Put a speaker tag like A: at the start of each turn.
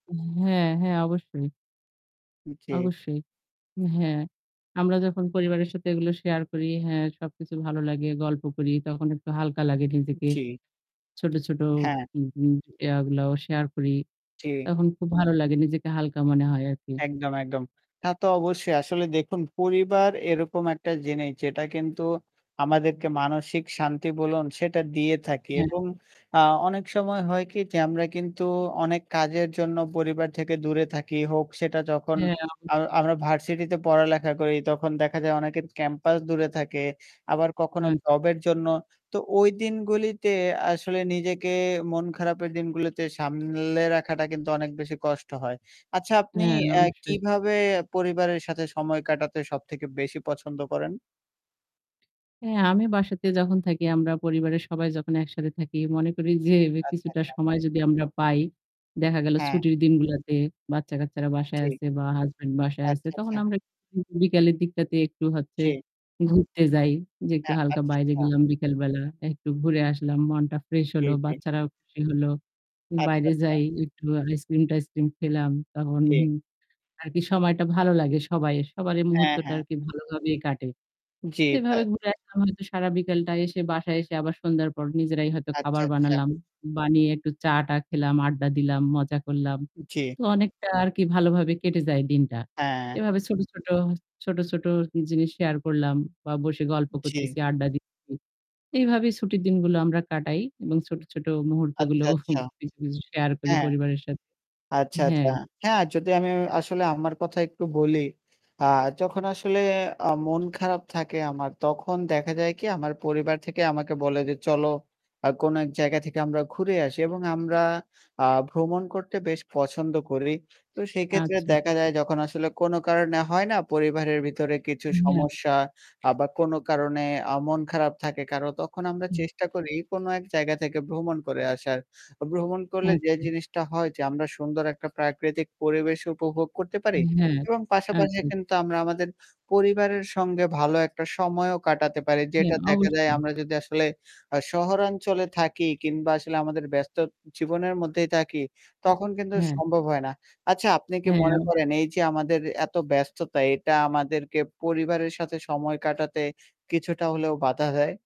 A: হ্যাঁ, হ্যাঁ। অবশ্যই।
B: উ জি।
A: অবশ্যই। হ্যাঁ। আমরা যখন পরিবারের সাথে এগুলো শেয়ার করি হ্যাঁ সবকিছু ভালো লাগে, গল্প করি তখন একটু হালকা লাগে নিজেকে।
B: জি।
A: ছোট, ছোট
B: হ্যাঁ।
A: উ উ ইয়গুলাও শেয়ার করি।
B: জি।
A: তখন খুব ভালো লাগে। নিজেকে হালকা মনে হয় আরকি।
B: একদম, একদম। তা তো অবশ্যই। আসলে দেখুন পরিবার এরকম একটা জিনিস যেটা কিন্তু আমাদেরকে মানসিক শান্তি বলুন সেটা দিয়ে থাকি।
A: হ্যাঁ।
B: এবং আ অনেক সময় হয় কি? যে আমরা কিন্তু অনেক কাজের জন্য পরিবার থেকে দূরে থাকি। হোক সেটা যখন
A: হ্যাঁ, অবশ্যই।
B: আমরা আমরা ভার্সিটিতে পড় পড়ালেখা করি তখন দেখা যায় অনেকের ক্যাম্পাস দূরে থাকে। আবার কখনো
A: আচ্ছা।
B: জবের জন্য। তো ঐ দিনগুলিতে আসলে নিজেকে মন খারাপের দিনগুলোতে সামলে রাখাটা কিন্তু অনেক বেশি কষ্ট হয়। আচ্ছা, আপনি
A: হ্যাঁ,
B: আ
A: অবশ্যই।
B: কিভাবে পরিবারের সাথে সময় কাটাতে সবথেকে বেশি পছন্দ করেন?
A: হ্যাঁ, আমি বাসাতে যখন থাকি আমরা পরিবারের সবাই যখন একসাথে থাকি মনে করি যে
B: আচ্ছা,
A: কিছুটা
B: আচ্ছা।
A: সময় যদি আমরা পাই, দেখা গেল
B: হ্যাঁ।
A: ছুটির দিনগুলাতে বাচ্চা-কাচ্চারা বাসায়
B: জি।
A: আছে বা হাসব্যান্ড বাসায় আছে
B: আচ্ছা,
A: তখন
B: আচ্ছা।
A: আমরা উ বিকেলের দিকটাতে একটু হচ্ছে
B: জি।
A: ঘুরতে যাই। যে একটু
B: হ্যাঁ,
A: হালকা
B: আচ্ছা,
A: বাইরে
B: আচ্ছা।
A: গেলাম বিকেল বেলা। একটু ঘুরে আসলাম। মনটা ফ্রেশ
B: জি,
A: হল।
B: জি।
A: বাচ্চারাও খুশি হল।
B: আচ্ছা,
A: বাইরে
B: আচ্ছা।
A: যাই একটু আইসক্রিম-টাইসক্রিম খেলাম। তখন
B: জি।
A: হুম আর কি সময়টা ভালো লাগে সবাই সবার এই
B: হ্যাঁ,
A: মুহূর্তটা
B: হ্যাঁ।
A: আরকি ভালোভাবে কাটে।
B: জ্বী।
A: তো
B: তা
A: এভাবে ঘুরে আসলাম হয়তো সারা বিকেলটা এসে বাসায় এসে আবার সন্ধ্যার পর নিজেরাই হয়তো
B: আচ্ছা,
A: খাবার
B: আচ্ছা।
A: বানালাম। বানিয়ে একটু চা-টা খেলাম, আড্ডা দিলাম, মজা করলাম।
B: জী।
A: তো অনেকটা আরকি ভালোভাবে কেটে যায় দিনটা।
B: হ্যাঁ।
A: এভাবে ছোট, ছোট, ছোট ছোট জিনিস শেয়ার করলাম বা বসে গল্প
B: জী।
A: করতেছি, আড্ডা দিতেছি। এভাবে ছুটির দিনগুলো আমরা কাটাই এবং ছোট, ছোট মুহূর্তগুলো
B: আচ্ছা, আচ্ছা।
A: কিছু, কিছু শেয়ার করি
B: হ্যাঁ।
A: পরিবারের সাথে।
B: আচ্ছা, আচ্ছা।
A: হ্যাঁ।
B: হ্যাঁ, যদি আমি এ আসলে আমার কথা একটু বলি, আ যখন আসলে আ মন খারাপ থাকে আমার তখন দেখা যায় কি? আমার পরিবার থেকে আমাকে বলে যে, "চলো আ কোন এক জায়গা থেকে আমরা ঘুরে আসি" এবং আমরা আ ভ্রমণ করতে বেশ পছন্দ করি। তো সেক্ষেত্রে
A: আচ্ছা,
B: দেখা
A: আচ্ছা।
B: যায় যখন আসলে কোন কারণে হয় না? পরিবারের ভিতরে কিছু
A: হ্যাঁ।
B: সমস্যা আ বা কোন কারণে আ মন খারাপ থাকে কারো তখন আমরা
A: হুম,
B: চেষ্টা
A: আচ্ছা।
B: করি কোন এক জায়গা থেকে ভ্রমণ করে আসার। ভ্রমণ করলে যে
A: আচ্ছা।
B: জিনিসটা হয় যে আমরা সুন্দর একটা প্রাকৃতিক পরিবেশ উপভোগ করতে পারি
A: হ্যাঁ।
B: এবং পাশাপাশি
A: আচ্ছা।
B: কিন্তু আমরা আমাদের পরিবারের সঙ্গে ভালো একটা সময়ও কাটাতে পারি।
A: হ্যা,
B: যেটা দেখা যায়
A: অবশ্যই।
B: আমরা যদি আসলে আ শহরাঞ্চলে থাকি কিংবা আসলে আমাদের ব্যস্ত জীবনের মধ্যেই থাকি তখন কিন্তু
A: হ্যা।
B: সম্ভব হয়না। আচ্ছা আপনি কি মনে
A: হ্যাঁ।
B: করেন এই যে আমাদের এত ব্যস্ততা এটা আমাদেরকে পরিবারের সাথে সময় কাটাতে কিছুটা হলেও বাধা দেয়?